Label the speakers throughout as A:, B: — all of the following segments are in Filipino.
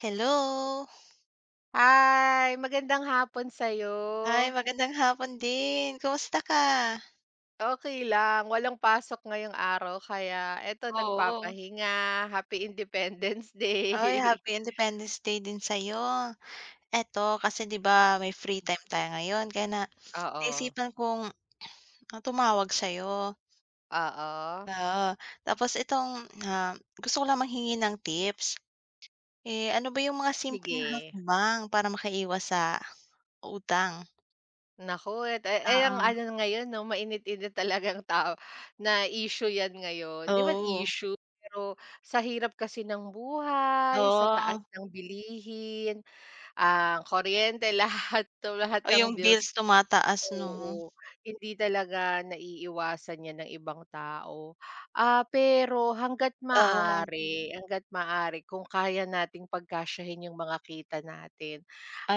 A: Hello.
B: Hi! Magandang hapon
A: Ay
B: sa'yo.
A: magandang hapon din, kumusta ka?
B: Okey lang. Walang pasok ngayong araw kaya 'eto
A: Oo.
B: nagpapahinga. Happy Independence
A: Uy,
B: Day.
A: Happy Independence Day din sa 'yo. 'Eto, kasi 'di ba may free time tayo ngayon kaya na
B: Oo.
A: naisipan kong tumawag sa'yo.
B: Oo.
A: Oo. Tapos itong, ah, gusto ko lang manghingi ng tips. Eh, ano ba yung mga simpleng
B: Sige.
A: hakbang para makaiwas sa utang?
B: Naku, e ay ang
A: Oo.
B: ano ngayon 'no, mainit-init talagang tao na issue 'yan ngayon. 'Di naman
A: Oo.
B: issue, pero sa hirap kasi ng buhay, sa taas
A: Oo.
B: ng bilihin, ang kuryente, lahat tumaas
A: Oh,
B: ang
A: yung
B: bills.
A: bills tumataas 'no?
B: Oo, hindi talaga naiiiwasan 'yan ng ibang tao. Ah, pero hangga't
A: Oo.
B: maaari hangga't maaari. kung kaya nating pagkasyahin yung mga kita natin,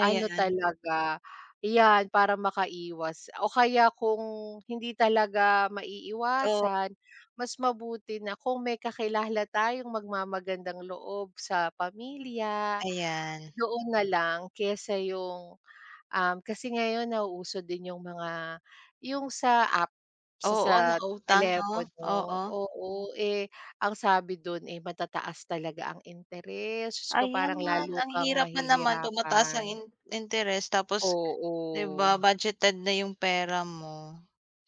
B: ano talaga, 'yan para makaiwas o kaya kung hindi talaga
A: Oo.
B: maiiwasan, mas mabuti na kung may kakilala tayong magmamagandang loob sa pamilya,
A: Ayan.
B: doon na lang kesa yung, um, kasi ngayon nauso din yung mga yung sa app sa
A: Oo,
B: sa
A: nautang 'no?
B: telepono.
A: Oo.
B: Oo, eh, ang sabi dun, eh, matataas talaga ang interes. Diyos ko,
A: Ayan,
B: parang lalo
A: ang
B: kang
A: hirap nga naman tumataas ang
B: mahihirapan.
A: in interes tapos 'di ba?
B: Oo.
A: Budgeted na yung pera mo.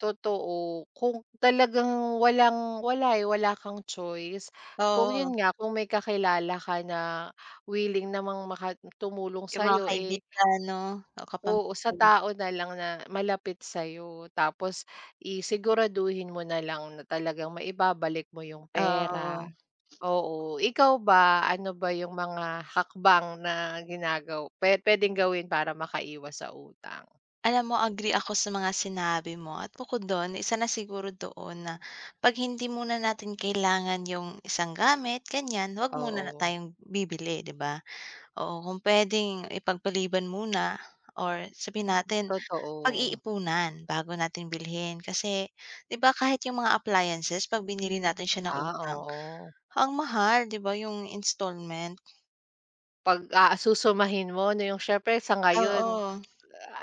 B: Totoo, kung talagang walang wala, eh, wala kang choice kung 'yon
A: Oo.
B: nga kung may kakilala ka na willing namang maka tumulong
A: Yung mga
B: sayo, eh.
A: kaibigan, 'no, o.
B: Oo, sa
A: [unintelligible]
B: tao na lang na malapit sayo tapos, eh, siguraduhin mo nalang na talagang maibabalik mo 'yong pera.
A: Oo.
B: Oo, ikaw ba ano ba 'yong mga hakbang na ginagaw pe puwedeng gawin para maka iwas sa utang?
A: Alam mo agree ako sa mga sinabi mo at bukod do'n isa na siguro doon na 'pag hindi muna natin kailangan 'yong isang gamit ganyan huwag muna
B: Oo.
A: tayong bibili, 'di ba? Oo, kung puwedeng ipagpaliban muna or sabihin natin
B: Totoo.
A: pag-iipunan bago natin bilhin kasi 'di ba kahit 'yong mga appliances pag binili natin siya ng
B: Ah,
A: utang,
B: oo.
A: ang mahal 'di ba 'yong installment.
B: Pag aasusumahin mo na 'yong siyempre sa ngayon,
A: Oo.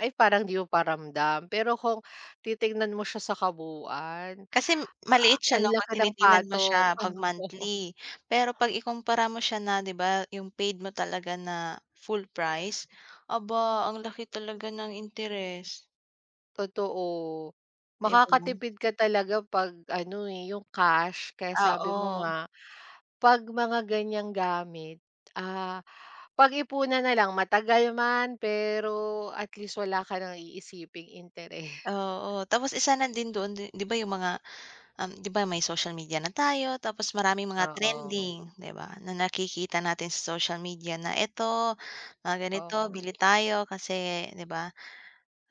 B: ay parang 'di mo pa ramdam, pero kung titignan mo siya sa kabuuan
A: Kasi maliit siya
B: ang
A: 'no, 'pag
B: laki ng
A: tinitingnan mo
B: patong.
A: siya 'pag monthly, pero 'pag ikumpara mo siya na 'di ba 'yong paid mo talaga na full price aba ang laki talaga ng interest.
B: Totoo.
A: [unintelligible]
B: Makakatipid ka talaga pag, ano, eh, yung cash kaya sabi mo
A: Oo.
B: nga pag mga ganyang gamit, ah, pagipunan nalang, matagal man pero at least wala ka ng iisiping interes
A: Oo, tapos isa na din doon din, 'di ba yung mga, um, 'di ba, may social media na tayo tapos maraming mga
B: Oo.
A: trending, 'di ba? Na nakikita natin sa social media na eto mga ganito
B: Oo.
A: bili tayo kasi, 'di ba?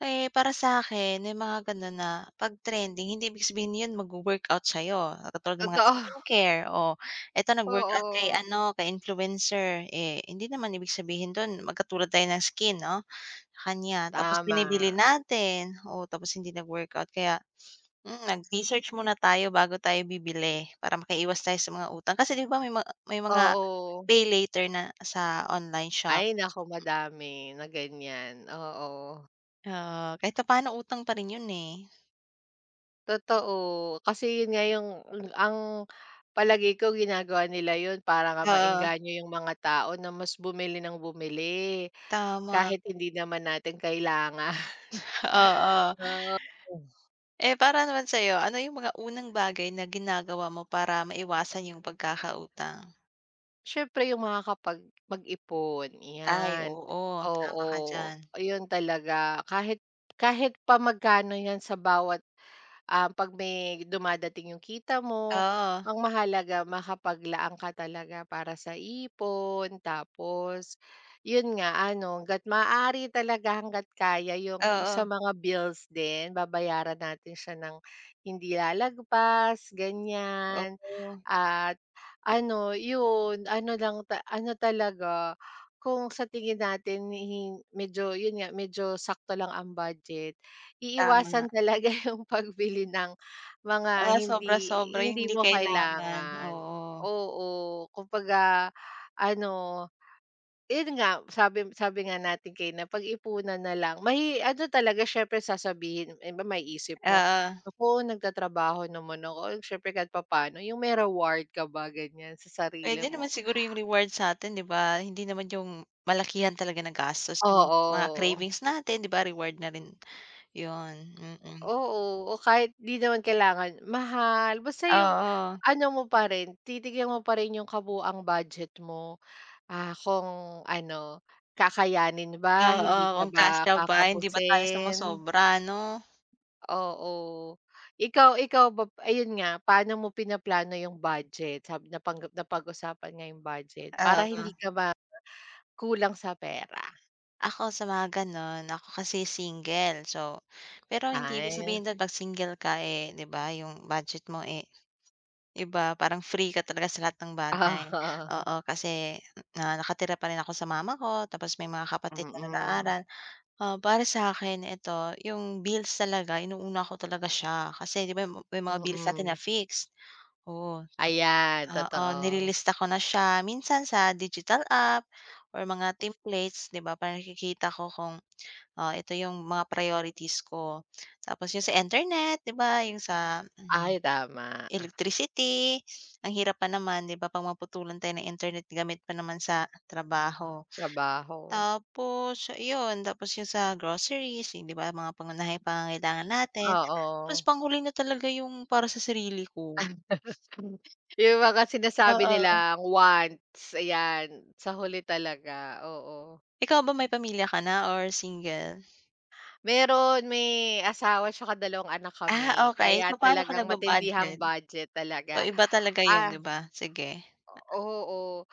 A: Eh, para sakin may mga, ganon, na pag trending hindi ibig sabihin yun magwo-workout sayo, katulad ng mga
B: Totoo.
A: skincare, o eto nag-workout kay,
B: Oo.
A: ano, kay influencer, eh, hindi naman ibig sabihin dun magkatulad tayo ng skin, 'no, kanya tapos
B: Tama.
A: binibili natin. Oo, tapos hindi nag-workout kaya, hmm, nag-research muna tayo, bago tayo bibili para makaiwas tayo sa mga utang. Kasi, 'di ba may mga may mga
B: Oo.
A: pay later na sa online shop.
B: Ay, naku madami na, ganyan, oo.
A: Oo, kahit paano utang pa rin yun, eh.
B: Totoo. Kasi yun nga yung ang palagay ko ginagawa nila yun para nga
A: Oo.
B: maengganyo yung mga tao na mas bumili ng bumili
A: Tama.
B: kahit hindi naman natin kailangan.
A: Oo.
B: Oo.
A: eh, para naman sayo ano yung mga unang bagay na ginagawa mo para maiwasan yung pagkakautang?
B: Syempre yung makakapag mag-ipon,
A: Ay,
B: 'yan,
A: oo, tama
B: oo,
A: ka diyan.
B: yun talaga. Kahit kahit pa magkano 'yan sa bawat, um, 'pag may dumadating yung kita mo,
A: Oo.
B: ang mahalaga makapaglaan ka talaga para sa ipon tapos yun nga ano, hangga't maaari talaga, hangga't kaya yung sa
A: Oo.
B: mga bills din, babayaran natin siya ng hindi lalagpas, ganyan.
A: Oo.
B: At ano, yun. Ano lang ta ano talaga, kung sa tingin natin medyo yun nga, medyo sakto lang ang budget,
A: Tama nga.
B: iiwasan talaga yung pagbili ng mga
A: Ah,
B: hindi
A: sobra sobra yung
B: hindi
A: hindi
B: mo
A: kailangan,
B: kailangan,
A: oo.
B: oo. Kumbaga ano, yun nga, sabi sabi nga natin kanina, pag-ipunan na lang. May ano talaga, siyempre sasabihin ng iba, maiisip mo,
A: Oo.
B: "Naku, nagtatrabaho naman ako. Siyempre kahit papa'no" yung may reward ka ba ganyan sa sarili
A: Pwede naman
B: mo.
A: siguro yung reward satin diba? hindi naman yung malakihan talaga ng gastos yung mga
B: Oo.
A: cravings natin diba reward na rin yun hmm, hmm.
B: Oo. O kahit di naman kailangan mahal basta yung
A: Oo.
B: ano mo parin, titignan mo parin yung kabuuang budget mo. Ah, kung ano, kakayanin ba,
A: Oo,
B: hindi ka
A: kung
B: ba
A: kasya pa hindi ba tayo
B: kakapusin.
A: sumosobra no?
B: Oo, ikaw ikaw ba, ayun nga, paano mo pinaplano yung budget sa napang napag-usapan nga yung budget para hindi
A: Oo.
B: ka ba kulang sa pera.
A: Ako sa mga gano'n ako kasi single so, pero hindi ibig
B: Ay.
A: sabihin do'n pag single ka, eh, 'di ba, 'yong budget mo eh, 'di ba, parang free ka talaga sa lahat ng bagay.
B: Oo.
A: Oo, kasi na nakatira pa rin ako sa mama ko tapos may mga kapatid na
B: Mm.
A: nag-aaral. Ah, para sakin ito 'yong bills talaga inuuna ko talaga siya kasi, 'di ba, may mga bills natin na
B: Mm.
A: fixed. Oo,
B: Ayan,
A: oo,
B: totoo.
A: nilista ko na siya minsan sa digital app or mga templates, 'di ba, para nakikita ko kung, ah, ito 'yong mga priorities ko. Tapos 'yong sa internet, 'di ba, 'yong sa, ah, um,
B: Ay, tama.
A: electricity. Ang hirap pa naman, 'di ba, pag maputulan tayo ng internet gamit pa naman sa trabaho.
B: Trabaho.
A: Tapos 'yon tapos 'yong sa groceries, yung 'di ba, mga pangunahing pangangailangan natin, tapos
B: Oo.
A: panghuli na talaga 'yong para sa sarili ko.
B: 'Yung mga sinasabi
A: Oo.
B: nilang wants, ayan sa huli talaga, oo.
A: Ikaw ba may pamilya ka na or single?
B: Meron may asawa tsaka dalawang anak
A: Ah,
B: kami,
A: okay
B: kaya
A: papaano ka
B: talagang matindihang
A: nagba-budget?
B: budget
A: Oh,
B: talaga
A: iba talaga 'yon,
B: ah
A: 'di ba? sige.
B: oo,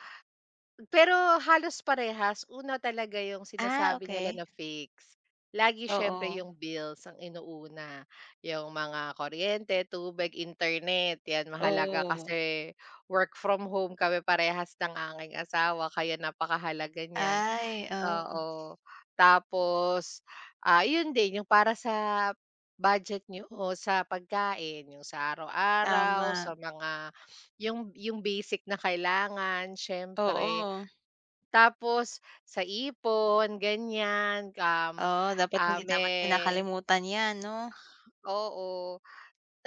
B: pero halos parehas una talaga 'yong
A: Ah,
B: sinasabi nila
A: okay.
B: na fix, lagi siyempre
A: Oo.
B: 'yong bills ang inuuna, 'yong mga kuryente, tubig, internet, 'yan mahalaga
A: Oo.
B: kasi work from home kami parehas ng aking asawa kaya napakahalaga niyan.
A: Ay, oo.
B: Oo, tapos, ah, 'yon din 'yong para sa budget nyo o sa pagkain 'yong sa araw-araw
A: Tama.
B: sa mga 'yong 'yong basic na kailangan siyempre.
A: Oo.
B: Tapos sa ipon ganyan, um,
A: Oo, dapat
B: ah,
A: hindi dapat
B: me
A: kinakalimutan 'yan, 'no?
B: Oo,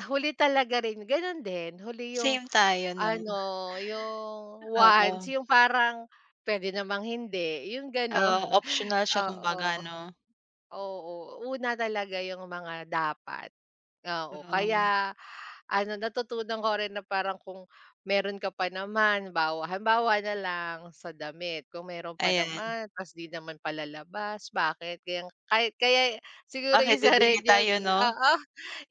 B: huli talaga rin Gano'n din huli 'yong
A: Same tayo, 'no.
B: ano 'yong wants
A: Oo.
B: 'yong parang pwede namang hindi 'yong
A: Ah,
B: gano'n,
A: optional siya
B: oo.
A: kumbaga, 'no.
B: Oo, una talaga 'yong mga dapat. Oo,
A: Hmm.
B: kaya ano natutunan ko rin na parang kung meron ka pa naman bawa halimbawa na lang sa damit kung meron pa
A: Ayan.
B: naman tapos di naman palalabas bakit kaya kaya siguro
A: Bakit
B: isa rin
A: bibili
B: 'yong
A: tayo, 'no?
B: oo,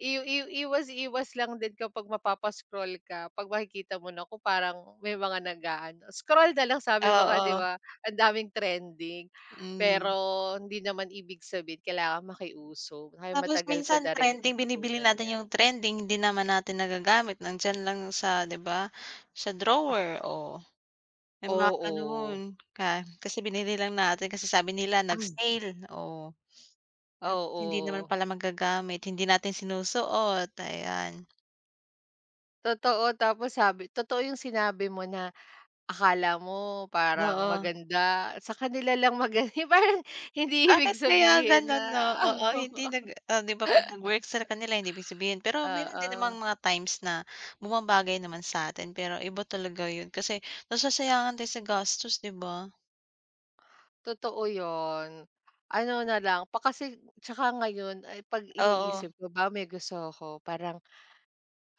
B: iw iw iwas iwas lang din kapag mapapa-scroll ka 'pag makikita mo na ko parang may mga nag-aano scroll na lang sabi mo nga 'di
A: Oo.
B: ba, ang daming trending,
A: Hmm.
B: pero hindi naman ibig sabihin kailangan makiuso kaya
A: Tapos
B: matagal ko
A: minsan
B: na rin
A: trending binibili
B: natutunan
A: natin
B: 'yan.
A: 'yong trending hindi naman natin nagagamit nandiyan lang sa 'di ba, sa drawer oh, may mga
B: Oo.
A: ganoon ka, kasi binili lang natin kasi sabi nila nag-sale, oh. Hindi naman
B: Oo.
A: pala magagamit hindi natin sinusuot, ayan.
B: Totoo tapos sabi totoo yung sinabi mo na akala mo parang
A: Oo.
B: maganda, sa kanila lang maga yung parang hindi ibig
A: Bakit kaya
B: sabihin na
A: gano'n 'no, oo, hindi nag ah, 'di ba 'pag nag-work sa kanila hindi big sabihin, pero meron din namang
B: oo.
A: mga times na bumabagay naman satin pero iba talaga yun kasi nasasayangan din sa gastos, 'di ba?
B: Totoo 'yon, ano na lang pa kasi 'tsaka ngayon ay 'pag
A: Oo.
B: iniisip ko ba may gusto ko parang,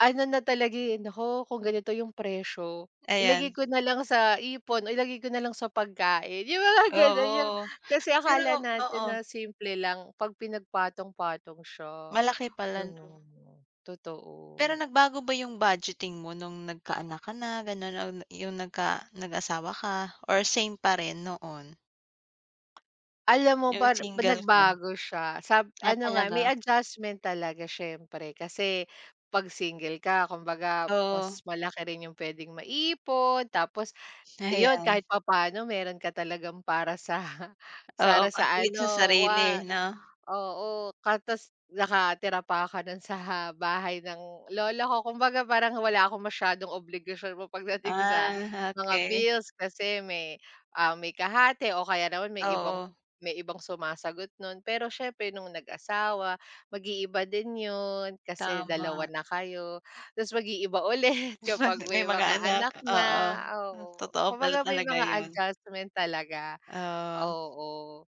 B: ano na talaga eh, "Nako kung ganito yung presyo ilagay
A: Ayan.
B: ko na lang sa ipon o ilagay ko na lang sa pagkain," yung mga gano'n, yung
A: Oo,
B: kasi
A: pero
B: akala natin
A: oo.
B: na simple lang 'pag pinagpatong patong siya
A: Malaki pala
B: ano
A: 'no.
B: 'no, totoo.
A: Pero nagbago ba yung budgeting mo nung nagkaanak ka na gano'n, na na yung nagka nag-asawa ka or same pa rin noon?
B: Alam mo
A: Yung
B: ba
A: single ka?
B: nagbago siya sab
A: Ah,
B: ano nga, may
A: talaga.
B: adjustment talaga siyempre kasi 'pag single ka kumbaga mas
A: Oo.
B: malaki rin yung pwedeng maipon, tapos 'yon
A: Ayan.
B: kahit papaano meron ka talagang para sa
A: Oo,
B: para sa
A: [unintelligible] sa
B: ano
A: sarili
B: wa
A: noh.
B: oo ka 'tas nakatira pa ka no'n sa bahay ng lola ko. Kumbaga parang wala akong masyadong obligasyon mo pagdating sa
A: Ah,
B: mga
A: okey.
B: bills kasi may, ah, may kahati o kaya naman may ibang
A: Oo.
B: may ibang sumasagot nun. Pero siyempre nung nag-asawa mag-iiba din 'yon kasi 2
A: Tama.
B: na kayo, 'tas mag-iiba ulit kapag
A: May
B: may
A: mga
B: mga
A: anak,
B: anak na,
A: oo, ah,
B: oo.
A: totoo pala
B: Kumbaga may
A: talaga
B: mga
A: 'yon.
B: adjustment talaga,
A: Oh.
B: oo.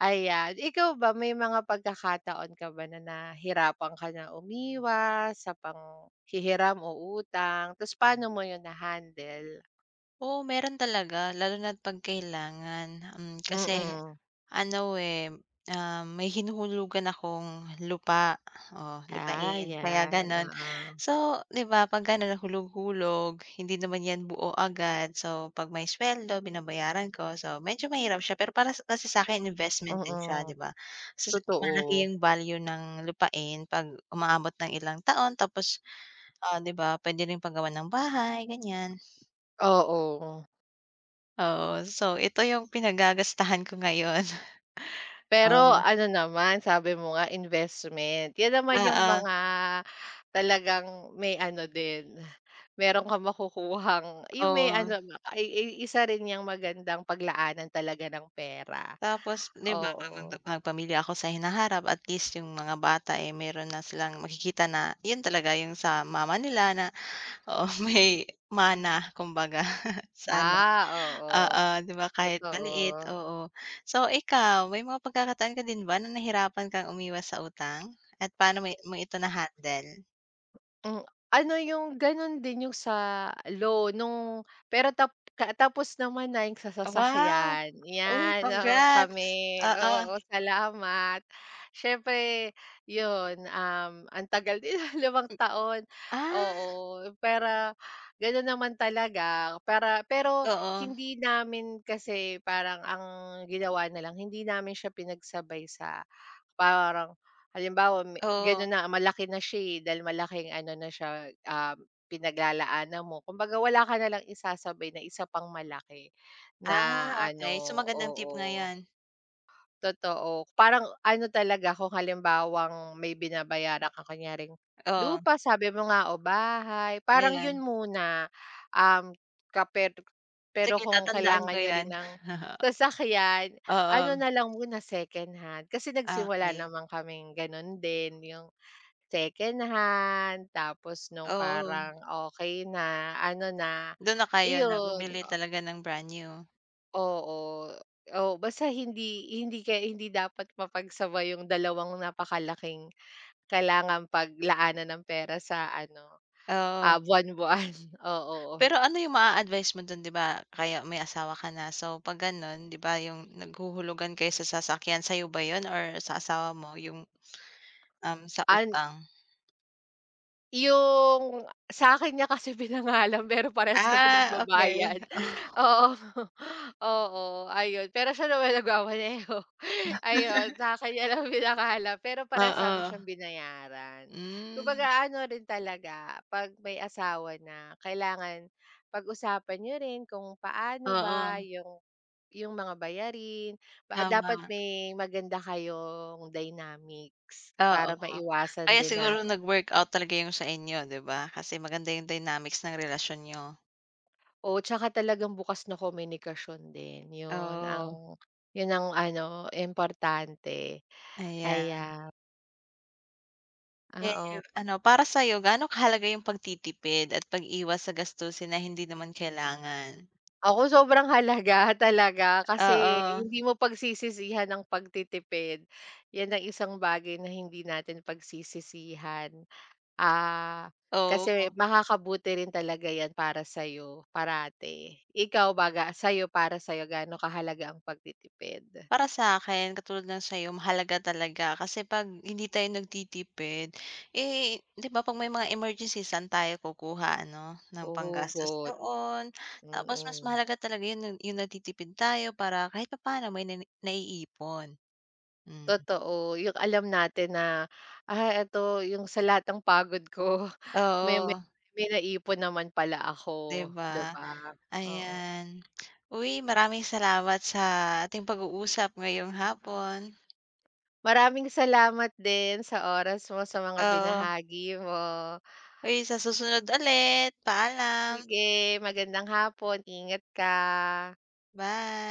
B: Ayan ikaw ba may mga pagkakataon ka ba na nahirapan ka na umiwas sa panghihiram o utang 'tas paano mo yun na handle?
A: Oh, meron talaga lalo na't 'pag kailangan, mm, kasi
B: Mm.
A: ano, eh, um, may hinuhulugan akong lupa, oh,
B: Ah,
A: lupain kaya
B: 'yan
A: ganon.
B: oo.
A: So, di ba, 'pag ganun nahulog-hulog hindi naman yan buo agad, so 'pag may sweldo binabayaran ko, so medyo mahirap siya pero para kasi sa'kin investment din siya,
B: Oo,
A: di ba. So, [unintelligible] Malaki
B: totoo.
A: yung value ng lupain 'pag umaabot ng ilang taon tapos, ah, di ba, puwede rin pagawa ng bahay ganyan.
B: Oo.
A: Oo, so ito yung pinagagastahan ko ngayon.
B: Pero
A: Oh.
B: ano naman, sabi mo nga investment, yan naman yung
A: Oo.
B: mga talagang may ano din, meron kang makukuhang yung may
A: Oo.
B: ano ba, ay ay isa rin niyang magandang paglaanan talaga ng pera,
A: Tapos, di ba,
B: oo.
A: papagpa magpamilya ako sa hinaharap at least yung mga bata, eh, meron na silang makikita na, yun talaga yung sa mama nila na, oo, may mana kumbaga sana,
B: Ah,
A: oo,
B: oo,
A: di ba, kahit maliit,
B: totoo.
A: oo. So ikaw, may mga pagkakataon ka din ba na nahirapan kang umiwas sa utang at paano mo i mo ito na-handle?
B: Mm, ano yung ganun din sa loan nung pero tap kaa tapos naman na yung sa
A: Wow!
B: sasakyan.
A: Uy
B: Yan, noong
A: congrats,
B: kami
A: oo.
B: oo, salamat. Siyempre yun, um, antagal din 5
A: M
B: taon,
A: ah
B: oo, pwera ganun naman talaga para pero
A: Oo.
B: hindi namin kasi parang ang ginawa nalang hindi namin siya pinagsabay sa parang, halimbawa ma
A: Oo
B: ganon na malaki na siya, eh, dahil malaking ano na siya, ah, pinaglalaanan mo, kumbaga wala ka na lang isasabay na isa pang malaki na
A: Ah, okay. So
B: ano,
A: magandang tip nga
B: oo.
A: 'yan.
B: Totoo, parang ano talaga kung halimbawang may binabayaran kang kunyaring
A: Oo.
B: lupa sabi mo nga o bahay parang
A: Ayan.
B: yun muna, um, ka per pero
A: Sige
B: kung
A: tatandaan
B: kailangan
A: ko
B: niyo rin
A: yan.
B: ng sasakyan, ano
A: Oo.
B: nalang muna secondhand kasi nagsimula
A: Okay.
B: naman kaming ganun din, yung secondhand tapos nung
A: Oo.
B: parang okay na, ano na,
A: Dun na kayo na
B: iyon.
A: bumili
B: O
A: talaga ng brand new.
B: Oo, oo, basta hindi hindi kaya hindi dapat mapagsabay 'yong dalawang napakalaking kailangang paglaanan ng pera sa ano,
A: Oo.
B: ah, buwan buwan oo, oo.
A: Pero ano 'yong maa-advice mo 'don, 'di ba, kaya may asawa ka na, so, 'pag gano'n, 'di ba, 'yong naghuhulugan kayo sa sasakyan sa'yo ba 'yon or sa asawa mo 'yong um, sa
B: An
A: utang
B: 'Yong sa'kin niya kasi pinangalan, pero parehas kami
A: Ah, okey
B: nagbabayad
A: oh.
B: oo, oo ayon. Pero siya naman nagmamaneho, ayon sa'kin niya lang pinangalan, pero parehas namin
A: Oo.
B: siyang binayaran.
A: Hmm.
B: Kumbaga ano rin talaga 'pag may asawa na kailangan pag-usapan niyo rin kung paano ba
A: Oo.
B: yung yung mga bayarin pa, ah, dapat
A: Tama.
B: may maganda kayong dynamics
A: Oo,
B: para maiwasan
A: kaya
B: din na
A: siguro nag-workout talaga 'yong sa inyo, 'di ba? Kasi maganda 'yong dynamics ng relasyon niyo.
B: Oo, tsaka talagang bukas na komunikasyon din, 'yon
A: Oo.
B: ang 'yon ang ano, importante,
A: Ayan.
B: aya
A: Eh,
B: Ah, o.
A: ano, para sa'yo gaano kahalaga yung pagtitipid at pag-iwas sa gastusin na hindi naman kailangan?
B: Ako sobrang halaga, talaga kasi
A: Oo.
B: hindi mo pagsisisihan ang pagtitipid. Yan ang isang bagay na hindi natin pagsisisihan. Ah, kasi
A: Oo.
B: makakabuti rin talaga yan para sayo parati. Ikaw baga, sa'yo, para sa'yo gaano kahalaga ang pagtitipid?
A: Para sa'kin katulad ng sayo mahalaga talaga, kasi pag hindi tayo nagtitipid, eh, 'di ba, ''pag may mga emergencies, saan tayo kukuha, ano,
B: O
A: ng panggastos
B: hugot.
A: doon, tapos mas
B: Mm.
A: mahalaga talaga yun nun yung nagtitipid tayo para kahit papaano may nanini naiipon. Mm.
B: Totoo yung alam natin na, ah, eto yung sa lahat ng pagod ko may may
A: Oo.
B: may naipon naman pala ako,
A: 'Di
B: 'di
A: ba?
B: ba? Oo.
A: Ayan, uy, maraming salamat sa ating pag-uusap ngayong hapon.
B: Maraming salamat din, sa oras mo sa mga
A: Oo.
B: binahagi mo.
A: Hoy, sa susunod ulit, paalam.
B: Sige, magandang hapon. Ingat ka.
A: Bye.